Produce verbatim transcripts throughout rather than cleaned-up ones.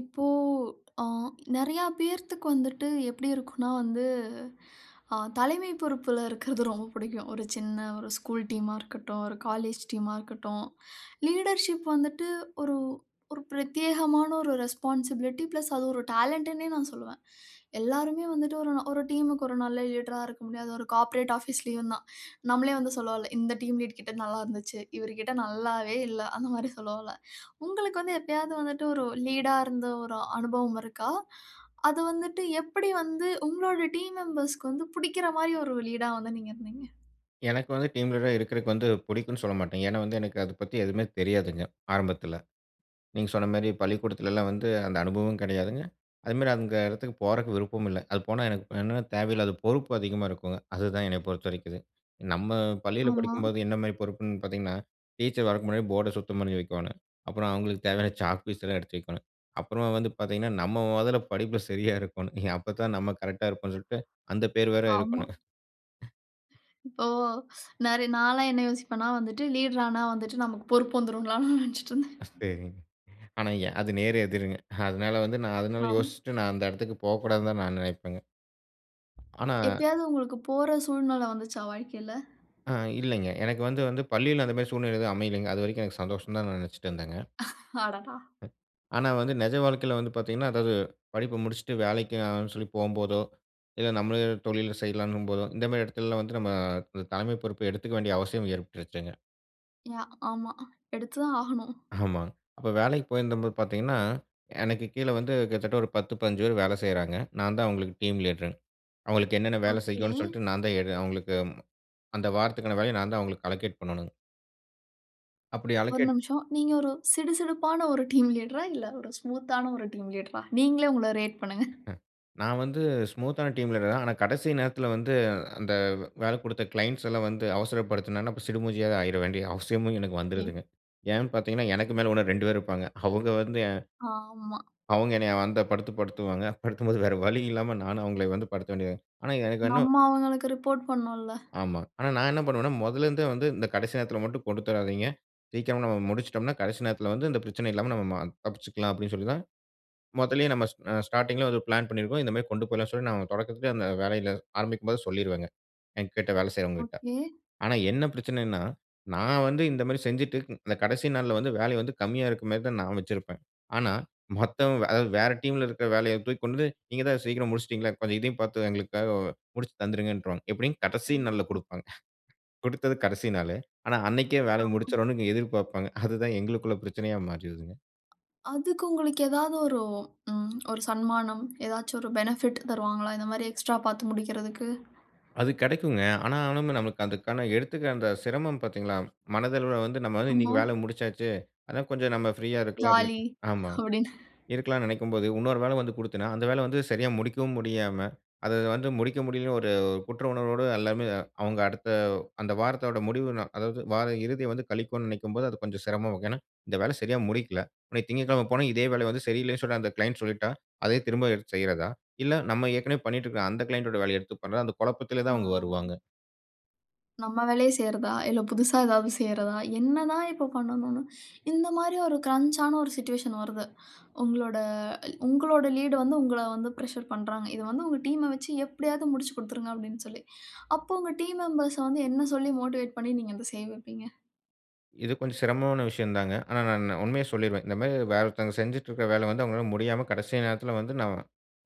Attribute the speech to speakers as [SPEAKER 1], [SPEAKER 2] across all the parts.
[SPEAKER 1] இப்போ அ நெறையா பேர்த்துக்கு வந்துட்டு எப்டி இருக்குனா வந்து அ தலைமை பொறுப்புல இருக்கறது ரொம்ப பிடிக்கும். ஒரு சின்ன ஒரு ஸ்கூல் டீமா இருக்கட்டும், ஒரு காலேஜ் டீமா இருக்கட்டும், லீடர்ஷிப் வந்துட்டு ஒரு ஒரு பிரத்யேகமான ஒரு ரெஸ்பான்சிபிலிட்டி ப்ளஸ் அது ஒரு டேலண்ட்டுனே நான் சொல்லுவேன். எல்லாருமே வந்துட்டு ஒரு நா ஒரு டீம்‌க்கு ஒரு நல்ல லீடரா இருக்க முடியாது. ஒரு கார்ப்பரேட் ஆபீஸ்லயும் தான். நம்மளே வந்து சொல்லவல்ல இந்த டீம் லீட் கிட்ட நல்லருந்துச்சு. இவருகிட்ட நல்லாவே இல்ல, அந்த மாரி சொல்வோல. உங்களுக்கு வந்து எப்பயாவது வந்துட்டு ஒரு லீடா இருந்த ஒரு அனுபவம் இருக்கா? அது வந்துட்டு எப்டி வந்து உங்களுடைய டீம் மெம்பர்ஸ்‌க்கு வந்து புடிக்கிற மாரி ஒரு லீடா வந்து நீங்க இருந்தீங்க?
[SPEAKER 2] எனக்கு வந்து டீம் லீடரா இருக்கறதுக்கு வந்து புடிக்குன்னு சொல்ல மாட்டேன். ஏன்னா, வந்து எனக்கு அத பத்தி எதுவுமே தெரியாதுங்க ஆரம்பத்துல. நீங்க சொன்ன மாரி பள்ளிக்கூடத்துலலாம் வந்து அந்த அனுபவம் கெடையாதுங்க. அதுமாரி அங்க எடத்துக்கு போறக்கு விருப்பம் இல்ல. அது போனா எனக்கு என்ன்னா, தேவையில்லாத பொறுப்பு அதிகமா இருக்குங்க அதுதான் என்ன பொறுத்த வரைக்கு அது. நம்ம பள்ளியில
[SPEAKER 1] ஆமா.
[SPEAKER 2] படிக்கும்போது என்ன மாரி பொறுப்புன்னு பார்த்தீங்கன்னா, டீச்சர் வர்றதுக்கு முன்னாடி போர்ட சுத்தம் பண்ணி வைக்கோனும். அப்புறம் அவங்களுக்கு தேவையான சாக் பீஸலாம் எடுத்து வைக்கணும். அப்புறம் வந்து பார்த்தீங்கன்னா, நம்ம மொதல்ல படிப்ல சரியா இருக்கணும். அப்போதான் நம்ம கரெக்ட்டா இருக்கனுன்ட்டு அந்த பேர் வேற
[SPEAKER 1] ஆமா.
[SPEAKER 2] இருக்கணும்.
[SPEAKER 1] ஒ! ஸ் நெற நால்லாம் என்ன யோசிப்பேன்ன்னா வந்துட்டு லீடர் ஆனா வந்துட்டு நமக்கு பொறுப்பு வந்துரும்லான்னு நெனச்சுட்டு இருந்தேன்.
[SPEAKER 2] சரிங்க. ஆனா எ அது நேர் எதிருங்க. அதனால வந்து நான் அதனால
[SPEAKER 1] அம்.
[SPEAKER 2] யோசிச்சுட்டு நான் அந்த எடத்துக்கு போகக்கூடாதுன்னு தான் நான் நெனைப்பேங்க. ஆனா
[SPEAKER 1] எப்பயாவது உங்களுக்கு போற சூழ்நில வந்துச்சா வாழ்க்கையில?
[SPEAKER 2] ஆ, இல்லைங்க. எனக்கு வந்து வந்து பள்ளியில அந்த மாரி சூழ்நிலை எதுவும் அமையலங்க. அது வரைக்கும் எனக்கு சந்தோஷம் தான் நான் நெனைச்சிட்டு இருந்தேங்க.
[SPEAKER 1] அடடா!
[SPEAKER 2] ஆனா வந்து நெஜ வாழ்க்கையில வந்து பார்த்தீங்கன்னா, அதாவது படிப்ப முடிச்சுட்டு வேலைக்காகன்னு சொல்லி போகம்போதோ, இல்ல நம்மள தொழில்ல செய்யலான்னும் போதோ, இந்த மாரி எடத்லலாம் வந்து நம்ம தலைமை பொறுப்ப எடுத்துக்கவேண்டிய வேண்டிய அவசியம் ஏற்பட்டுருச்சுங்க.
[SPEAKER 1] யா! ஆமா. எடுத்து தான் ஆகணும்.
[SPEAKER 2] ஆமா. அப்ப வேலைக்கு போயிருந்தபோது பார்த்தீங்கன்னா, எனக்கு கீழே வந்து கிட்டத்தட்ட ஒரு பத்து, பதினஞ்சு பேரு வேல செய்றாங்க. நான் தான் அவுங்களுக்கு டீம் லீடர்ங். அவுங்களுக்கு என்னென்ன வேலை
[SPEAKER 1] ஓகே.
[SPEAKER 2] செய்யணும் சொல்ட்டு, நான் தான் எடு அவுங்களுக்கு அந்த வாரத்துக்கான வேலைய நான் தான் அவுங்களுக்கு அலோகேட் பண்ணணும். அப்டி
[SPEAKER 1] ஒரு
[SPEAKER 2] அலோகேட்
[SPEAKER 1] நிமிஷம். நீங்க ஒரு சிடுசிடுப்பான ஒரு டீம் லீட்ரா? இல்ல ஒரு ஸ்மூத்‌தான ஒரு டீம் லீட்ரா? நீங்களே உங்கள ரேட் பண்ணுங்க.
[SPEAKER 2] அஹ். நான் வந்து ஸ்மூத்‌தான டீம்‌ லீடர் தான். ஆனா, கடைசி நேரத்தில வந்து அந்த வேல குடுத்த க்ளைண்ட்ஸ் எல்லாம் வந்து அவசரப்படுத்தினன, அப்பறம் சிடுமூஞ்சியா ஆயிற வேண்டிய அவசியமும் எனக்கு
[SPEAKER 1] [unintelligible]
[SPEAKER 2] வந்துருதுங்க. ஏன் பார்த்தீங்கன்னா, எனக்கு மேல ஓனர் ரெண்டு பேர் இருப்பாங்க. அவுங்க வந்து எ
[SPEAKER 1] ஆமா.
[SPEAKER 2] அவுங்க என்னைய அந்தப் படுத்து படுத்துவாங்க. படுத்தும்போது வேற வழி இல்லாம நானும், அவுங்கள வந்து படுத்த வேண்டியது ஆனா, எனக்கு இன்னும்
[SPEAKER 1] நம்ம அவுங்களுக்கு ரிப்போர்ட் பண்ணனும் இல்ல.
[SPEAKER 2] ஆமா. ஆனா, நான் என்ன பண்ணுவேன்னா, முதல்ல இருந்தே வந்து, இந்த கடைசி நேரத்தில மட்டும் கொடுத்துராதீங்க. சீக்கிரமா நம்ம முடித்துச்சிட்டம்ன்னா கடைசி நேரத்தில வந்து இந்த பிரச்சனை இல்லாம நம்ம ம தப்பிச்சிக்லாம் அப்டின்னு சொல்லி தான், முதலேயே நம்ம அ ஸ்டா ஸ்டார்டிங்‌ல வந்து பிளான் பண்ணியிருக்கிறோம். இந்தமாரி கொண்டு போயிலான்னு சொல்லி நான் தொடக்கத்திலே அந்த வேலையில ஆரம்பிக்கும்போது சொல்லிருவேங்க. என்கிட்ட வேல செய்கிறவங்கக்கிட்ட.
[SPEAKER 1] ஓகே.
[SPEAKER 2] ஆனா என்ன பிரச்சனைன்னா, நான் வந்து இந்தமாரி செஞ்சிட்டு இந்த [unintelligible] கடைசி நாள்ல வந்து வேலை வந்து கம்மியா இருக்கறமாரி தான் நான் வச்சிருப்பேன். ஆனா, மத்தவங்க அதாவது வேற டீம்‌ல இருக்கிற வேலைய தூக்கி கொண்டுபோய் நீங்க தான் சீக்கிரம் முடிச்சிட்டீங்களே! இப்ப இதையும் பார்த்து எங்களுக்காக முடிச்சு தந்துருங்கன்ருவாங்க. எப்டி கடைசி
[SPEAKER 1] ஐயோ!
[SPEAKER 2] நாள்ல குடுப்பாங்க. குடுத்தது கடைசி நாளு. ஆனா, அன்னக்கே வேலைய
[SPEAKER 1] ஆமா.
[SPEAKER 2] முடிச்சிரணுனு எதிர்பார்ப்பாங்க. அதுதான் எங்களுக்குள்ள பிரச்சனையா மாறிருதுங்க.
[SPEAKER 1] அதுக்கு உங்களுக்கு ஏதாவது ஒரு ம் ஒரு சன்மானம், ஏதாச்சு ஒரு பெனிஃபிட் தருவாங்களா, இந்தமாரி எக்ஸ்ட்ரா பார்த்து முடிக்கிறதுக்கு?
[SPEAKER 2] அது கெடக்குங்க. ஆனா ஆனாலுமே நமக்கு அதுக்கான எடுத்துக்க அந்த சிரமம் பார்த்தீங்களா? மனதளவில வந்து "நம்ம வந்து
[SPEAKER 1] அம்மா.
[SPEAKER 2] இன்னக்கி வேல முடிச்சாச்சு. அதான் கொஞ்சம் நம்ம ஃப்ரீயா இருக்கலாம்."
[SPEAKER 1] ஜாலி
[SPEAKER 2] அப்பிடின்னு ஆமாங்.
[SPEAKER 1] அப்பிடின்னு.
[SPEAKER 2] இருக்கலான்னு நெனைக்கும்போது, இன்னொரு வேல வந்து குடுத்தனா, அந்த வேல வந்து சரியா முடிக்கவும் முடியாம அத வந்து முடிக்க முடியலன்னு ஒரு குற்ற உணர்வோட அல்லாமே அவுங்க அடுத்த அந்த வாரத்தோட முடிவு நா அதாவது வார இறுதிய வந்து கழிக்கோன்னு நெனைக்கும்போது, அது கொஞ்சம் சிரமமா ஏன்னா, இந்த வேலய சரியா முடிக்கல. அன்னக்கி "திங்கட்கிழம போனா இதே வேலய வந்து சரியில்லேன்னு சொல்லி, அந்த க்ளைண்ட் சொல்லிட்டா, அதே திரும்ப எடுத்து செய்றதா? இல்ல நம்ம ஏற்கனவே பண்ணிட்டு இருக்கிற அந்த கிளைண்ட் டோட வேலைய எடுத்து பண்றதா?" அந்த குழப்பத்திலே தான் அவுங்க
[SPEAKER 1] ஆ.
[SPEAKER 2] வருவாங்க.
[SPEAKER 1] "நம்ம வேலைய செய்றதா, இல்ல புதுசா ஏதாவது செய்றதா?" என்னதான் இப்போ பண்ணணுனு இந்தமாரி ஒரு க்ரஞ்ச் ஆன ஒரு சுவிட்ஷூவேஷன் வருது. உங்களோட உங்களோட லீட் வந்து உங்கள வந்து பிரஷர் பண்றாங்க. இது வந்து உங்கள் டீம் அ வச்சு எப்பிடியாவது முடிச்சு கொடுத்துருங்க அப்பிடின்னு சொல்லி, அப்போ உங்க டீம் மெம்பர் ஸ வந்து என்ன சொல்லி மோட்டிவேட் பண்ணி நீங்க அத செய்ய வைப்பீங்க?
[SPEAKER 2] இது கொஞ்சம் சிரமமான விஷயந்தாங்க. ஆனா, நான் நான் உண்மைய சொல்லிருவேன். இந்தமாரி வேற ஒருத்தவங்க செஞ்சுட்டு இருக்கிற வேலைய வந்து அவுங்கனால முடியாம கடைசி நேரத்தில வந்து நாம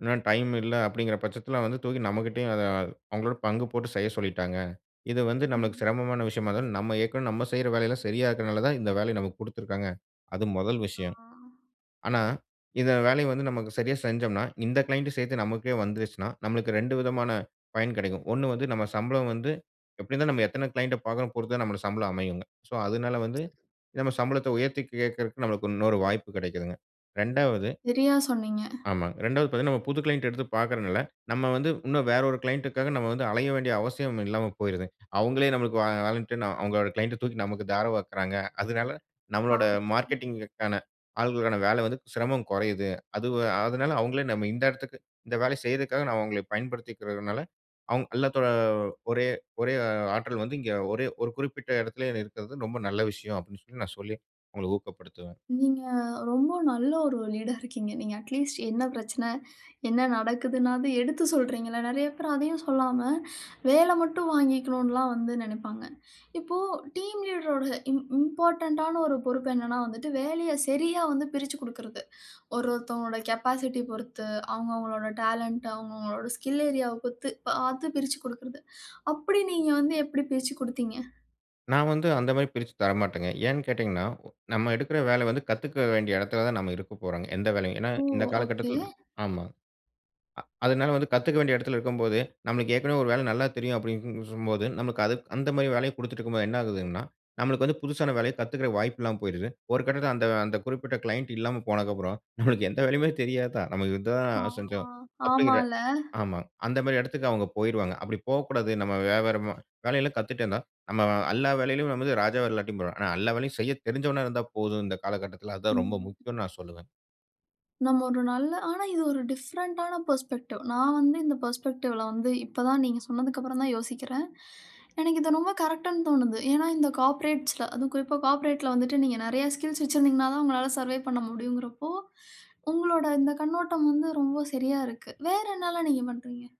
[SPEAKER 2] இன்னும் டைம் இல்ல அப்பிடிங்கிற பட்சத்தில வந்து தூக்கி நம்மகிட்டேயும் அத அவுங்களோட பங்கு போட்டு செய்ய சொல்லிட்டாங்க. இது வந்து நமக்கு
[SPEAKER 1] ம்.
[SPEAKER 2] சிரமமான விஷயமா இருந்தாலும், நம்ம ஏற்கனவே நம்ம செய்ற வேலையெல்லாம் சரியா இருக்கிறனால தான், இந்த வேலைய நமக்கு குடுத்துருக்காங்க. அது முதல்
[SPEAKER 1] ஆ.
[SPEAKER 2] விஷயம். ஆனா, இந்த வேலைய வந்து நமக்கு சரியா செஞ்சம்ன்னா, இந்த கிளையண்ட் சேர்த்து நமக்கே வந்துருச்சுன்னா, நமக்கு ரெண்டு விதமான பயன் கிடைக்கும். ஒண்ணு வந்து நம்ம சம்பளம் வந்து எப்பிடி இருந்தாலும் நம்ம எத்தன கிளையண்ட் பார்க்கறோம் பொறுத்துதான் நம்ம சம்பளம் அமையுங்க. சோ, அதனால வந்து நம்ம சம்பளத்த உயர்த்தி கேக்கிறக்கு நமக்கு இன்னொரு வாய்ப்பு கெடைக்கிதுங்க. இரண்டாவது
[SPEAKER 1] சரியா சொன்னீங்க.
[SPEAKER 2] ஆமாங்க. இரெண்டாவது பார்த்தீங்கன்னா, நம்ம புது கிளையன்ட்‌ எடுத்து பார்க்கிறனால, நம்ம வந்து இன்னும் வேற ஒரு கிளையண்ட்‌ டுக்காக நம்ம வந்து, அலைய வேண்டிய அவசியம் இல்லாம போய்ருது. அவுங்களே நம்மளுக்கு வா வாலன்டின் னா, அவுங்களோட கிளையன்ட்‌ ட தூக்கி நமக்கு தாரவாக்கிறாங்க. அதனால
[SPEAKER 1] ஹா.
[SPEAKER 2] நம்மளோட மார்க்கெட்டிங்‌ க்கான ஆட்களுக்கான வேல வந்து சிரமம் கொறையுது. அது அதனால அவுங்களே நம்ம இந்த இடத்திற்கு இந்த வேலைய செய்றக்காக நான் அவுங்கள பயன்படுத்திக்கிறதுனால, அவுங்க அல்லாத்தோட ஒரே ஒரே ஆற்றல் வந்து, இங்கே ஒரே ஒரு குறிப்பிட்ட இடத்திலே இருக்கிறது, ரொம்ப நல்ல விஷயம் அப்பிடின்னு சொல்லி நான் சொல்லி அவுங்கள ஊக்கப்படுத்துவேன்.
[SPEAKER 1] நீங்க ரொம்ப நல்ல ஒரு லீடா இருக்கீங்க. நீங்க அட்லீஸ்ட் என்ன பிரச்சனை, என்ன நடக்குதுனாவது எடுத்து சொல்றீங்கல்ல. நெறைய பேர் அதையும் சொல்லாம வேலை மட்டும் வாங்கிக்கணுன்லாம் வந்து நெனைப்பாங்க. இப்போ டீம் லீடரோட இம் இம்பார்டன்ட் டான ஒரு பொறுப்பு என்னன்னா வந்துட்டு, வேலைய சரியாக வந்து பிரிச்சிக் குடுக்கிறது. ஒரு ஒருத்தவங்களோட கேபாசிட்டி பொறுத்து, அவுங்க, அவங்களோட டேலண்ட் அவுங்க, அவங்களோட ஸ்கில் ஏரியா வ பொறுத்து பார்த்து, பிரிச்சு குடுக்கிறது. அப்பிடி நீங்க வந்து எப்பிடி பிரிச்சு குடுத்தீங்க?
[SPEAKER 2] நான் வந்து அந்தமாரி பிரிச்சி தரமாட்டங்க. ஏன்னு கேட்டீங்கன்னா, ஓ நம்ம எடுக்கிற வேல வந்து கத்துக்க வேண்டிய இடத்தில தான் நம்ம இருக்கப்போறங்க, எந்த வேலையும். ஏன்னா,
[SPEAKER 1] ஓ!
[SPEAKER 2] இந்த
[SPEAKER 1] ஓகே.
[SPEAKER 2] காலகட்டத்தில ஆமா. அ அதுனால வந்து கத்துக்க வேண்டிய இடத்தில இருக்கும்போது, நம்மளுக்கு ஏற்கனவே ஒரு வேல நல்லா தெரியும் அப்பிடின்னு [unintelligible] போது நமக்கு அது அந்தமாரி வேலைய குடுத்துட்டு இருக்கும்போது என்ன ஆகுதுன்னா, நம்மளுக்கு வந்து புதுசான வேலய கத்துக்கிற வாய்ப்பு இல்லாம போயிருது. ஒரு கட்டத்தில அந்த அந்த குறிப்பிட்ட கிளைண்ட் இல்லாம போனக்கு அப்புறம் நம்மளுக்கு எந்த வேலையுமே தெரியாதா? நமக்கு இது தான்
[SPEAKER 1] ஆமா,
[SPEAKER 2] செஞ்சோம். அப்பிடிங்கிற
[SPEAKER 1] ஆமால்ல.
[SPEAKER 2] ஆமா. அந்தமாரி இடத்துக்கு அவுங்க போயிருவாங்க. அப்பிடி போக்கூடாது. நம்ம வியாபாரமா வேலை எல்லாம் கத்துட்டே இருந்தா, நம்ம எல்லா வேலையிலும் நம்மது ராஜா இல்லாட்டியும் பரவால்ல. ஆனா எல்லா வேலையும் செய்ய தெரிந்தவனா இருந்தா போதும், இந்த காலகட்டத்தில அதுதான் ரொம்ப
[SPEAKER 1] ம்.
[SPEAKER 2] முக்கியன்னு நான் சொல்வேன்.
[SPEAKER 1] நம்ம ஒரு நல்ல ஆனா இது ஒரு டிஃப்ரெண்ட்டான பெர்ஸ்பெக்டிவ். நான் வந்து இந்த பெர்ஸ்பெக்டிவ்ல வந்து இப்ப தான் நீங்க சொன்னதுக்கு அப்புறம் தான் யோசிக்கிறேன். எனக்கு இது ரொம்ப கரெக்ட்‌ன்னு தோணுது. ஏன்னா, இந்த கார்ப்பரேட்ஸ்ல, அதுவும் குறிப்பா கார்பரேட்ல வந்துட்டு, நீங்க நெறையா ஸ்கில்ஸ் வச்சிருந்திங்கனாதான் உங்களால சர்வேவ் பண்ண முடியுங்கிறப்போ, உங்களோட இந்த கண்ணோட்டம் வந்து ரொம்ப சரியா இருக்கு. வேறு என்னலாம் நீங்க பண்றிங்க?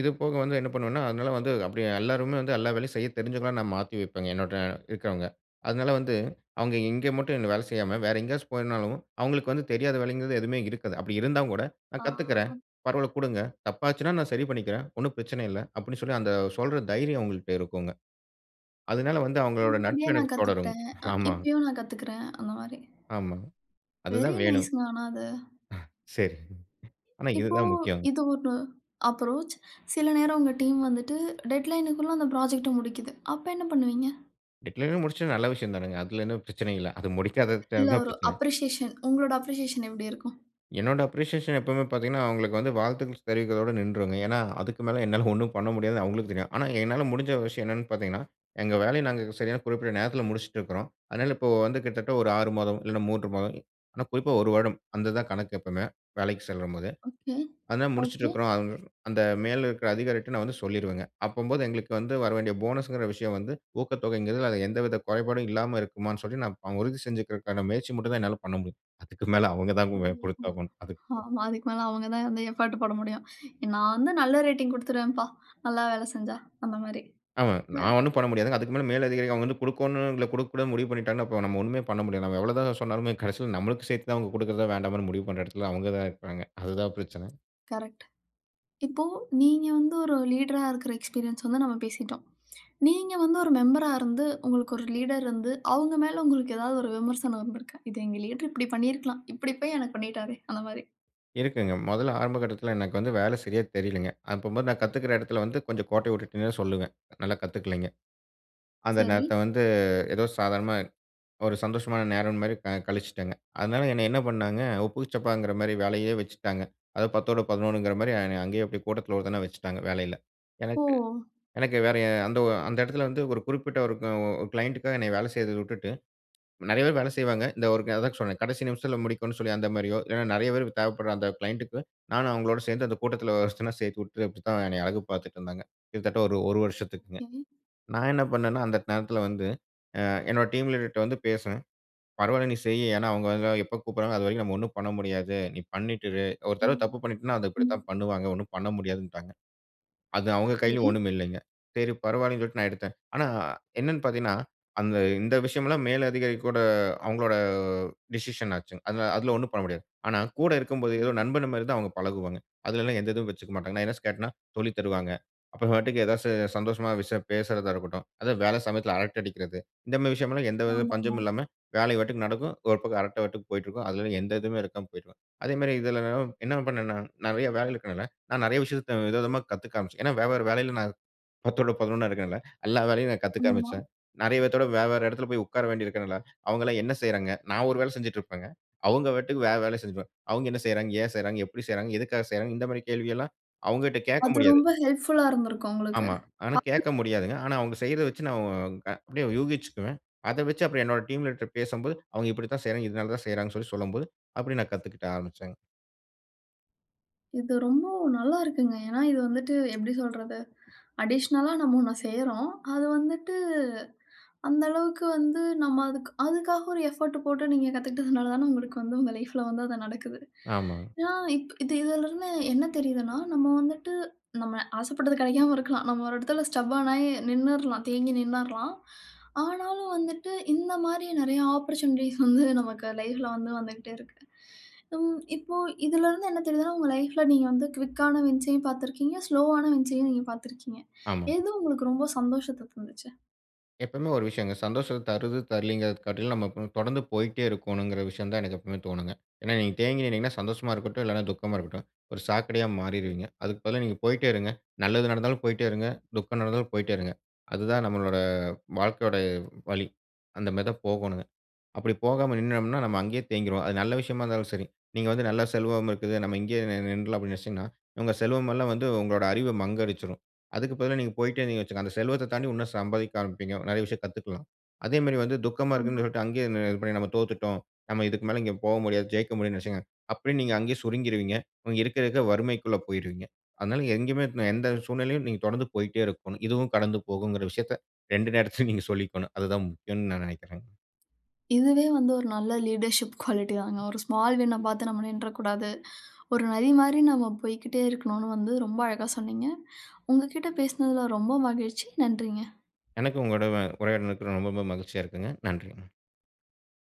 [SPEAKER 2] இதுபோக வந்து என்ன பண்ணுவேன்னா, அதனால வந்து அப்பிடியே எல்லோருமே வந்து எல்லா வேலையும் செய்ய தெரிஞ்சவங்களா நான் மாத்தி வைப்பேங்க. என்னோட இருக்கிறவங்க. அதனால வந்து அவுங்க இங்கே மட்டும் என்ன வேலை செய்யாம, வேற எங்கயாச்சும் போயிருந்தாலும் அவுங்களுக்கு வந்து தெரியாத வேலைங்கிறது எதுவுமே இருக்காது. அப்பிடி இருந்தாங்கூட நான் கத்துக்கிறேன்.
[SPEAKER 1] ஆ
[SPEAKER 2] பரவால்ல குடுங்க. தப்பா ஆச்சுன்னா நான் சரி பண்ணிக்கிறேன். ஒன்னும் பிரச்சனை இல்ல அப்பிடின்னு சொல்லி அந்த சொல்ற தைரியம் அவுங்கள்ட்ட இருக்குங்க. அதனால வந்து அவுங்களோட
[SPEAKER 1] முன்னாடியே
[SPEAKER 2] நட்பு
[SPEAKER 1] நான்
[SPEAKER 2] எனக்கு தொடருங்க.
[SPEAKER 1] கத்துக்கிட்டேன். அ
[SPEAKER 2] ஆமா.
[SPEAKER 1] இப்பயும் நான் கத்துக்கிறேன் அந்தமாரி.
[SPEAKER 2] ஆமாங்க.
[SPEAKER 1] வெரி
[SPEAKER 2] அதுதான் வேணும்.
[SPEAKER 1] நைஸ்ங்க ஆனா அது.
[SPEAKER 2] சரி. ஆனா இது
[SPEAKER 1] இப்போ
[SPEAKER 2] தான் முக்கியங்க.
[SPEAKER 1] இது ஒண்ணு அப்ரோச். சில நேரம் உங்க டீம் வந்துட்டு டெட்லைன்‌க்குள்ள உள்ள அந்த புராஜெக்ட்ட முடிக்கிது. அப்ப என்ன பண்ணுவீங்க?
[SPEAKER 2] டெட்லைன்ல முடிச்சது நல்ல விஷயந்தானங்க. அதுல என்ன பிரச்சனை இல்ல. அது முடிக்காதது விட்டா
[SPEAKER 1] இல்ல
[SPEAKER 2] தான்
[SPEAKER 1] ஒரு
[SPEAKER 2] பிரச்சனை.
[SPEAKER 1] அப்ரிசியேஷன் உங்களுடைய அப்ரிசியேஷன் எப்பிடி இருக்கும்?
[SPEAKER 2] என்னோட அப்ரிசியேஷன் எப்பவுமே பார்த்தீங்கன்னா, அவுங்ககளுக்கு வந்து வாழ்த்துக்கள் தெரிவிக்கிறதோட நின்றுருவேங்க. ஏன்னா, அதுக்கு மேல என்னால ஒன்னும் பண்ண முடியாது அவங்ககளுக்கு தெரியும். ஆனா, என்னால முடிஞ்ச விஷயம் என்னன்னு பார்த்தீங்கன்னா, எங்க வேலைய நாங்க சரியான குறிப்பிட்ட நேரத்தில முடிச்சுட்டு இருக்குறோம். அதனால இப்போ வந்து கிட்டத்தட்ட ஒரு ஆறு மாதம், இல்ல மூன்று மாதம் ஆனா குறிப்பா ஒரு வருடம். அந்த இதுதான் கணக்கு எப்பவுமே! வேலைக்கு செல்லும்போது.
[SPEAKER 1] ஓகே,
[SPEAKER 2] அதனால முடிச்சுட்டு
[SPEAKER 1] ஓகே.
[SPEAKER 2] இருக்குறோம். அந்த மேல இருக்கிற அதிகாரிகிட்ட நான் வந்து சொல்லிருவேங்க. அப்பம்போது எங்களுக்கு வந்து வரவேண்டிய போனஸ் என்கிற விஷயம் வந்து ஊக்கத்தொகை என்கிறது அது எந்தவித குறைபாடும் இல்லாம இருக்குமான்னு சொல்லி நான் உறுதி செஞ்சுக்கிறதுக்கான முயற்சி மட்டும் தான் என்னால் பண்ண முடியும். அதுக்கு மேல அவங்க தான்
[SPEAKER 1] ஒஹோ!
[SPEAKER 2] பொறுப்பாகணும் அதுக்கு.
[SPEAKER 1] ஆமா அதுக்கு மேல அவுங்க தான் வந்து எஃபர்ட் போட முடியும். நான் வந்து நல்ல ரேட்டிங் குடுத்துருவேன்பா! நல்லா வேலை செஞ்சா! அந்தமாரி,
[SPEAKER 2] ஆமாங்க,
[SPEAKER 1] இல்ல.
[SPEAKER 2] நான் ஒன்னும் பண்ண முடியாதுங்க. அதுக்கு மேல மேல் அதிகாரி அவுங்க வந்து குடுக்கணும் இல்ல குடுக்கக்கூடாதுன்னு முடிவு பண்ணிட்டாங்கன்னா, அப்போ நாம ஒன்னுமே பண்ண முடியாது. நாம எவள தான் சொன்னாலுமே கடைசியில நமக்கு சேர்த்து தான் அவுங்க குடுக்கிறதா! வேண்டாமான்னு முடிவு பண்ற எடத்துல அவங்க தான் இருக்காங்க. அதுதான் பிரச்சனை.
[SPEAKER 1] கரெக்ட். இப்போ நீங்க வந்து ஒரு லீடரா இருக்கிற எக்ஸ்பீரியன்ஸ் வந்து நம்ம பேசிட்டோம். நீங்க வந்து ஒரு மெம்பரா இருந்து, உங்களுக்கு ஒரு லீடர் இருந்து, அவுங்க மேல உங்களுக்கு ஏதாவது ஒரு விமர்சனம் வந்திருக்கு, இது எங்க லீடர் இப்பிடி பண்ணியிருக்கலாம். இப்பிடி போய் எனக்கு பண்ணிட்டாரே! அந்தமாரி.
[SPEAKER 2] இருக்குங்க. மொதல்ல ஆரம்ப கட்டத்துல எனக்கு வந்து வேலை சரியா தெரியலங்க. அப்பம்போது நான் கத்துக்கிற எடத்தில வந்து கொஞ்சம் கோட்டைய விட்டுட்டேன்னே சொல்லுவேன். நல்லா கத்துக்கலேங்க. அந்த
[SPEAKER 1] சரி.
[SPEAKER 2] நேரத்த வந்து ஏதோ சாதாரணமா ஒரு சந்தோஷமான நேரம் மாரி க கழிச்சுட்டங்க. அதனால என்னைய என்ன பண்ணாங்க, உப்புக்கு சப்பாங்கிற மாரியே வேலையே வச்சுட்டாங்க. அதாவது பத்தோட பதினொன்றுங்கிற மாரி என்னைய அங்கேயே அப்பிடியே கூட்டத்துல ஒருத்தனா வச்சுட்டாங்க வேலையில.
[SPEAKER 1] ஓ!
[SPEAKER 2] எனக்கு எனக்கு வேற அந்த ஒ அந்த எடத்துல வந்து ஒரு குறிப்பிட்ட ஒரு உ க்ளைணட்டுக்காக என்ன வேலை செய்றத விட்டுட்டு, நெறைய பேர் வேலை செய்வாங்க. இந்த ஒருக்க அதான் சொன்னேன் கடைசி நிமிஷத்தில முடிக்கணுன்னு, சொல்லி அந்த மாரியோ இல்லன்னா நெறைய பேர் தேவைப்படுற அந்த க்ளைண்ட்டக்கு நானும் அவுங்களோட சேர்ந்து அந்த கூட்டத்துல ஒருத்தனா சேர்த்து விட்டு அப்பிடித்தான் என்னய அழகு பார்த்துட்டுருந்தாங்க. கிட்டத்தட்ட ஒரு, ஒரு வருஷத்துக்குங்க.
[SPEAKER 1] ம்.
[SPEAKER 2] நான் என்ன பண்ணன்னா, அந்த நேரத்துல வந்து ஆ என்னுடைய டீம் லீடர்ட்ட வந்து பேசுவேன். பரவால்ல நீ செய். ஏன்னா அவுங்க அங்க எப்ப கூப்பிடுறாங்ககளோ! அதுவரைக்கும் நம்ம ஒன்னும் பண்ண முடியாது. நீ பண்ணிட்டு இரு! ஒரு தடவ
[SPEAKER 1] ம்.
[SPEAKER 2] தப்பு பண்ணிட்டன்னா, அது
[SPEAKER 1] ம்.
[SPEAKER 2] இப்பிடித்தான் பண்ணுவாங்க. ஒன்னும் பண்ண முடியாதுன்னுட்டாங்க. அது அவுங்க கையிலும்
[SPEAKER 1] சரி.
[SPEAKER 2] ஒன்னும் இல்லேங்க. சரி பரவாயில்லன்னு சொல்லிட்டு நான் எடுத்தேன். ஆனா, என்னன்னு பார்த்தீங்கன்னா, அந்த இந்த விஷயமெல்லாம் மேலதிகாரி கூட அவுங்களோட டிசிஷன் ஆச்சுங்க. அந்த அதுல ஒன்னும் பண்ண முடியாது. ஆனா கூட இருக்கும்போது ஏதோ
[SPEAKER 1] ஆமா.
[SPEAKER 2] நண்பன்மாரி தான் அவுங்க பழகுவாங்க. அதுலலாம் எந்த இதுவும் வச்சுக்கமாட்டாங்க. நான் எதுனாச்சும் கேட்டன்னா, சொல்லித் தருவாங்க. அப்போ பாட்டுக்கு ஏதாவது சந்தோஷமா விஷயம் பேசுறதா இருக்கட்டும். அதாவது வேலை சமயத்துல அரட்டை அடிக்கிறது, இந்தமாரி விஷயம்ல்லாம் எந்தவித
[SPEAKER 1] ஆமாமா.
[SPEAKER 2] பஞ்சமும் இல்லாம வேலைய பாட்டுக்கு நடக்கும். ஒரு பக்கம் அரட்டை பாட்டுக்கு போயிட்டுருக்கும். அதுல எந்த இதுவுமே இருக்காம போயிட்ருக்கும். அதேமாரி இதுல [unintelligible] என்ன பண்னேன்னா, நெறைய வேலைகள் இருக்கிறனால, நான் நெறைய விஷயத்த வித விதமா கத்துக்க ஆரம்பிச்சேன். ஏன்னா வெவ்வேற வேலையில நான் பத்தோட பதினொன்னா இருக்கிறேன்ல. எல்லா வேலையும் நான் கத்துக்க
[SPEAKER 1] ஆமா.
[SPEAKER 2] ஆரம்பிச்சேன். நெறைய பேத்தோட வேற, வேற எடத்துல போய் உட்கார வேண்டியதுருக்கிறனால அவுங்கள்லாம் என்ன செய்யிறாங்க? நான் ஒரு வேல செஞ்சுட்டு இருப்பேங்க. அவுங்க பாட்டுக்கு வேற வேலை செஞ்சிட்டுருப்பாங்க. அவுங்க என்ன செய்றாங்க? ஏன் செய்றாங்க? எப்பிடி செய்றாங்க? எதுக்காக செய்றாங்க? இந்தமாரி கேள்விகள்லாம் அவுங்கக்கிட்ட கேட்க
[SPEAKER 1] அது
[SPEAKER 2] முடியாது.
[SPEAKER 1] ரொம்ப ஹெல்ப்ஃபுல்‌லா இருந்திருக்கும் உங்களுக்கு.
[SPEAKER 2] ஆமா. ஆனா கேட்க
[SPEAKER 1] [unintelligible]
[SPEAKER 2] முடியாதுங்க. ஆனா அவுங்க செய்யிறத வச்சு நான் க அப்பிடியே யூகிச்சுக்குவேன். அத வச்சு அப்றம் என்னுடைய டீம் லீடர்ட்ட பேசும்போது அவுங்க இப்பிடித்தான் செய்யிறாங்க. இதனால தான் செய்யிறாங்கன்னு சொல்லும்போது அப்பிடியே நான் கத்துக்கிட்ட ஆரம்பிச்சேங்க.
[SPEAKER 1] இது ரொம்போ நல்லா இருக்குங்க. ஏன்னா இது வந்துட்டு எப்பிடி சொல்றது, அடிஷ்னலா நம்ம ஒண்ண செய்றோம். அது வந்துட்டு அந்த அளவுக்கு வந்து நம்ம அதுக்கு அதுக்காக ஒரு எஃபோர்ட்டு போட்டு நீங்க கத்துக்கிட்டதுனால தான உங்களுக்கு வந்து உங்க லைஃப்ல வந்து அது நடக்குது.
[SPEAKER 2] ஆமா.
[SPEAKER 1] ஏன்னா, இப் இது இதுலருந்து என்ன தெரியுதுன்னா, நம்ம வந்துட்டு நம்ம ஆசைப்பட்டது கெடைக்காம இருக்கலாம். நம்ம ஒரு இடத்தில ஸ்டப்பர்ன் ஆயி நின்னுர்லாம். தேங்கி நின்னுர்லாம். ஆனாலும் வந்துட்டு இந்தமாரி நெறைய ஆப்பர்ட்யூனிட்டீஸ் வந்து நமக்கு லைஃப்ல வந்து வந்துக்கிட்டே இருக்கு. ம். இப்போ இதிலருந்து என்ன தெரிதுன்னா, உங்க லைஃப்‌ல நீங்க வந்து குயிக்‌ ஆன வின்சயும் பார்த்திருக்கீங்க, ஸ்லோவ் ஆன வின்சயும் நீங்க பார்த்திருக்கீங்க.
[SPEAKER 2] ஆமா.
[SPEAKER 1] எது உங்களுக்கு ரொம்ப சந்தோசத்த தந்துச்சு?
[SPEAKER 2] எப்பவுமே ஒரு விஷயங்க. சந்தோஷத்த தருது, தரலேங்கிறத காட்டிலும் நம்ம போ தொடர்ந்து போயிட்டே இருக்கணுங்கிற விஷயம் தான் எனக்கு எப்பவுமே தோணுங்க. ஏன்னா, நீங்க தேங்கி நின்னீங்கன்னா, சந்தோஷமா இருக்கட்டும், இல்லன்னா துக்கமா இருக்கட்டும். ஒரு சாக்கடையா மாறிருவீங்க. அதுக்கு பதிலா நீங்க போயிட்டே இருங்க, நல்லது நடந்தாலும் போயிட்டே இருங்க, துக்கம் நடந்தாலும் போயிட்டே இருங்க. அதுதான் நம்மளோட வாழ்க்கையோட வழி. அந்தமாரி தான் போகணுங்க. அப்பிடி போகாம நின்னம்ன்னா, நம்ம அங்கேயே தேங்கிருவோம். அது நல்ல விஷயமா இருந்தாலும் சரி. நீங்க வந்து நல்ல செல்வம் இருக்குது. நம்ம இங்கேயே நின் நின்றுலாம் அப்பிடின்னு நினச்சீங்கன்னா, உங்க செல்வம் எல்லாம் வந்து உங்களோட அறிவ மங்கடிச்சுரும். அதுக்கு பதிலா நீங்க போயிட்டே இருந்தீங்கன்னு வச்சுக்குங்க, அந்த செல்வத்த தாண்டி இன்னும் சம்பாதிக்க ஆரம்பிப்பீங்க. நெறைய விஷயம் கத்துக்கலாம். அதேமாரி வந்து துக்கமா
[SPEAKER 1] ஆமா.
[SPEAKER 2] இருக்குன்னு சொல்லிட்டு அங்கே இது பண்ணி நம்ம தோத்துட்டோம், நம்ம இதுக்கு மேல இங்க போக முடியாது. ஜெயிக்க முடியாதுன்னு நெனைச்சீங்கன்னா, அப்பிடியே நீங்க அங்கேயே சுருங்கிருவீங்க. இன்னும் இருக்க, இருக்க வறுமைக்குள்ள போயிருவீங்க. அதனால எங்கேயுமே, எந்த சூழ்நிலையிலும் நீங்க தொடர்ந்து போயிட்டே இருக்கணும். இதுவும் கடந்து போகும்ங்கிற விஷயத்த ரெண்டு நேரத்திலயும் நீங்க சொல்லிக்கணும். அது தான் முக்கியம்ன்னு நான் நினைக்கிறேங்க.
[SPEAKER 1] இதுவே வந்து ஒரு நல்ல லீடர்ஷிப் குவாலிட்டி தாங்க. ஒரு ஸ்மால் வின்‌ன பார்த்து நம்ம நின்றக்கூடாது. ஒரு நதிமாரி நம்ம போயிக்கிட்டே இருக்கணுன்ன்னு வந்து ரொம்ப அழகா சொன்னீங்க. உங்ககிட்ட பேசினதில ரொம்ப மகிழ்ச்சி. நன்றிங்க.
[SPEAKER 2] எனக்கு உங்களோட வ உரையாடுனதுக்கு ரொம்ப, ரொம்ப மகிழ்ச்சியா இருக்குங்க. நன்றிங்க.